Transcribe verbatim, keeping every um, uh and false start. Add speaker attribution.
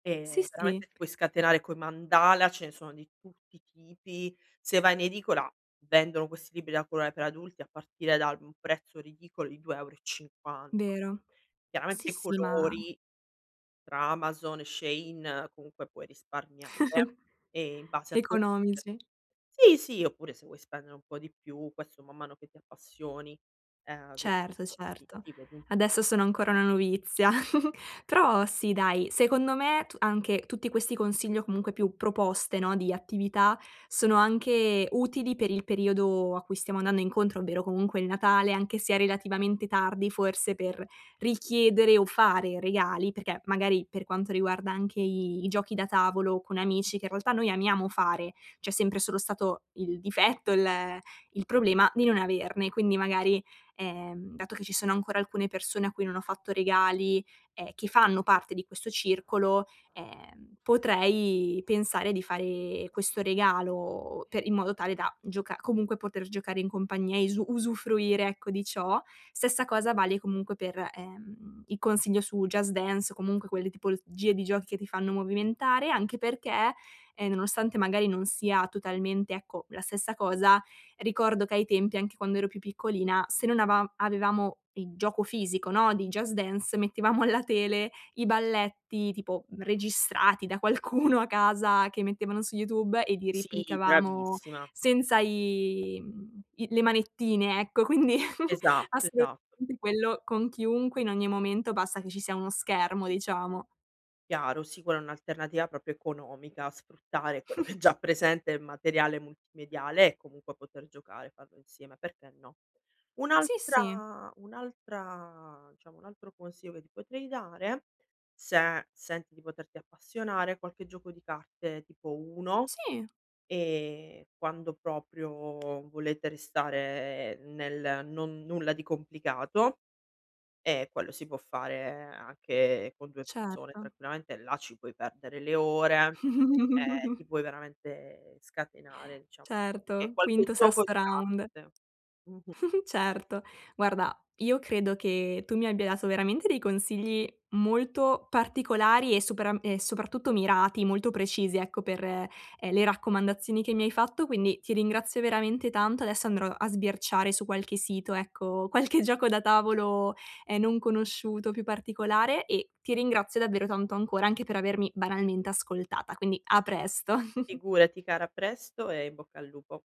Speaker 1: Sì,
Speaker 2: Ehm,
Speaker 1: sì.
Speaker 2: veramente ti puoi scatenare coi mandala, ce ne sono di tutti i tipi. Se vai in edicola vendono questi libri da coloae per adulti, a partire dal mhmm, um prezzo ridicolo di due euro e cinquan
Speaker 1: Vero. Sì,
Speaker 2: Chiaramente, i
Speaker 1: sì, ma
Speaker 2: colori tra Amazon e Shein, comunque, puoi risparmiare, ehm, in base a tuo budget.
Speaker 1: Economici.
Speaker 2: Sì, sì, oppure se vuoi spendere un po' di più, quesso man mano che ti appassioni, ehm, vedi
Speaker 1: Certo,
Speaker 2: ti
Speaker 1: certo.
Speaker 2: ti vedi un
Speaker 1: Adesso sono ancora una novizia. Però, sì, dai, secondo me tu anche tutti questi consigli o comunque più proposte, no, di attività sono anche utili per il periodo a cui stiamo annanno incontro, ovvero comunque il Natale anche se è relativamente tardi forse per richiedere o fare regali, perché magari per quanto riguarda anche i i giochi da tavolo con amici, che i realtà noi amiamo fare, c'è sempre solo stato il difetto, il ehm, il problema di non averne. Quindi magari, ehm, dato che ci sono ancora alcune persone a cui non ho fatto regali e che fanno parte di questo circolo, ehm, potrei pensare di fare questo regalo pe in modo tale
Speaker 2: [unintelligible]
Speaker 1: da gioca comunque poter giocare in compagnia e isu usufruire, ecco, di ciò. Stessa cosa vale comunque per, ehm, i consiglio su "Just Dance" o comunque quelle tipolozgie di giochi che ti fanno movimentare anche perché, ehm, nonostante magari non sia totalmente, ecco, la stessa cosa, ricordo che ai tempi, anche quando ero più piccolina se non avam avevamo il gioco fisico, no, di Just Dance, mettevamo alla tele i balletti tipo, mhmm, regissrati da qualcuno a casa che mettevano su YouTube e li
Speaker 2: Sì,
Speaker 1: riplicavamo
Speaker 2: bravissima.
Speaker 1: senza i mhmm, i le manettine, ecco. Quindi,
Speaker 2: Esatto, esatto.
Speaker 1: assolutamente quello con chiunque, in ogni momento, bassa che ci sia uno schermo, diciamo.
Speaker 2: Chiaro, sì, quella è un'alternativa propio economica, sfruttare quello che è già presente el materiale multimediale e comunque poter giocare, farlo insieme, perché no?
Speaker 1: Sì, sì.
Speaker 2: Un'altra un'altra diciamo, un altro consio che ti potrei dare, se senti di poterti appassionare, qualche gioco di carte tipo Uno,
Speaker 1: Sì.
Speaker 2: ehm, quando proprio volete restare nel non nulla di complicato, e quello si può fare anche con due persone
Speaker 1: Certo.
Speaker 2: tranquillamente, là ci puoi perdere le ore, e ti puoi veramente scatenare, diciam e qualche
Speaker 1: Certo.
Speaker 2: qualche
Speaker 1: Quinto,
Speaker 2: gioco
Speaker 1: sesto
Speaker 2: di
Speaker 1: round.
Speaker 2: carte. Mh-mh. Ti
Speaker 1: Certo. Guarda, io credo che tu mi abbia dato veramente dei consigli molto particolari e superam e soprattutto mirati, molto precisi, ecco, per, ehm, le raccomandazioni che mi hai fatto, quindi ti ringrazio veramente tanto. Adesso andrò a sbirciare su qualche sito, ecco, qualche gioco da tavolo, ehm, non conosciuto, più particolare, e ti ringrazio davvero tanto ancora, anche per avermi banalmente ascoltata. Quindi, a presto.
Speaker 2: Figurati cara, a presto e in bocca al lupo.